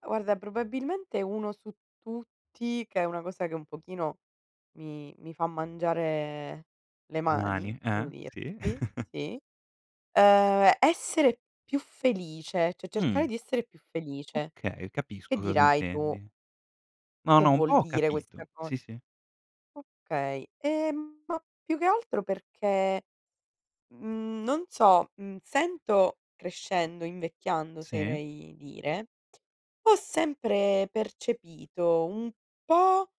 Guarda, probabilmente uno su tutti, che è una cosa che, un pochino, mi mi fa mangiare, le E mani, mani, devo eh, sì. dirti, sì, uhm, essere più felice, cioè, Mh. cercare di essere più felice. Okay, Che capisco cosa dirai, tu intendi. No, "che no, un po' vuol ho dire questa capito, co" sì, sì. Okay. E, mhmm, ma più che altro perché, mhmm, non so, mhmm, sento crescendo, invecchiando, Sì. oserei dire, ho sempre percepito, un po',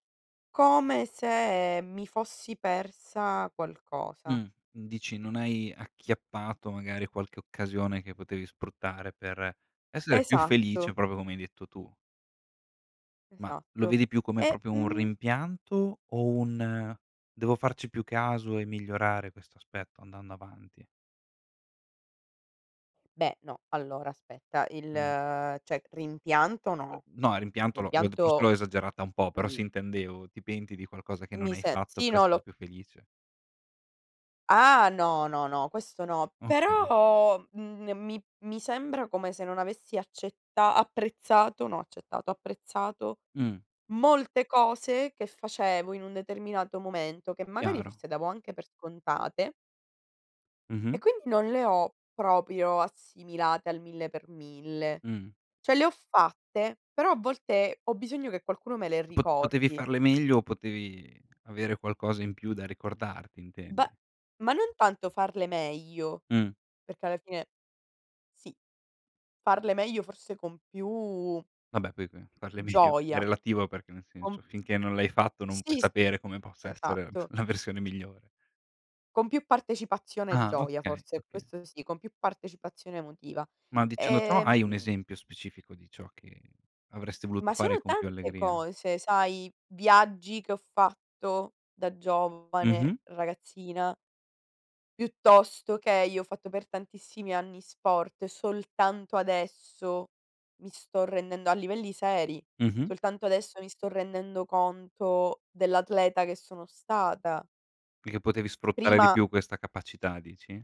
come se mi fossi persa Mh, qualcosa. n dici, non hai acchiappato, magari, qualche occasione che potevi sfruttare per, essere più felice, Esatto. proprio come hai detto tu. Ma, lo Esatto. vedi più come E, proprio un mhmm rimpianto, o un: "Devo farci più caso, e migliorare questo aspetto andando avanti"? Beh, no, allora, aspetta. Il Mh. cioè, rimpianto, no. No, il rimpianto l'ho d forse Rimpianto, l'ho esagerata un po', però [unintelligible] sì, intendevo, ti penti di qualcosa che non Mi hai se fatto sì, per no, lo essere c più felice? Ah, no, no, no, questo no. Okay. Però, mhmm, n mi mi sembra come se non avessi accetta apprezzato, no accettato, apprezzato, Mh. molte cose che facevo in un determinato momento, che magari, Chiaro. forse, davo anche per scontate e Mh-mh. quindi non le ho, proprio, assimilate al 1.000‰. Mh. Cioè le ho fatte, però, a volte, ho bisogno che qualcuno me le Pot potevi ricordi. farle meglio, o potevi avere qualcosa in più da ricordarti, Be intendi. ma non tanto farle meglio, Mh. perché alla fine, sì, farle meglio, forse, con più Vabbè poi qui parle medio, è gioia. relativo, perché nel Con senso, finché non l'hai fatto, non puoi Sì, sì, sapere come possa essere la f esatto. la versione migliore. Con più partecipazione e Ah, gioia, okay, forse, okay. questo sì, con più partecipazione emotiva. Ma, dicendo ciò, E, hai 1 mhmm esempio specifico, di ciò che avresti voluto Ma fare, sono con più tante allegria? cose, sai: viaggi che ho fatto da giovane, Mh-mh. ragazzina piuttosto che io ho fatto per tantissimi anni sport, e soltanto adesso mi sto rendendo a livelli seri, Mh-mh. soltanto adesso mi sto rendendo conto dell'atleta che sono stata Perché potevi sfruttare di prima più questa capacità, dici?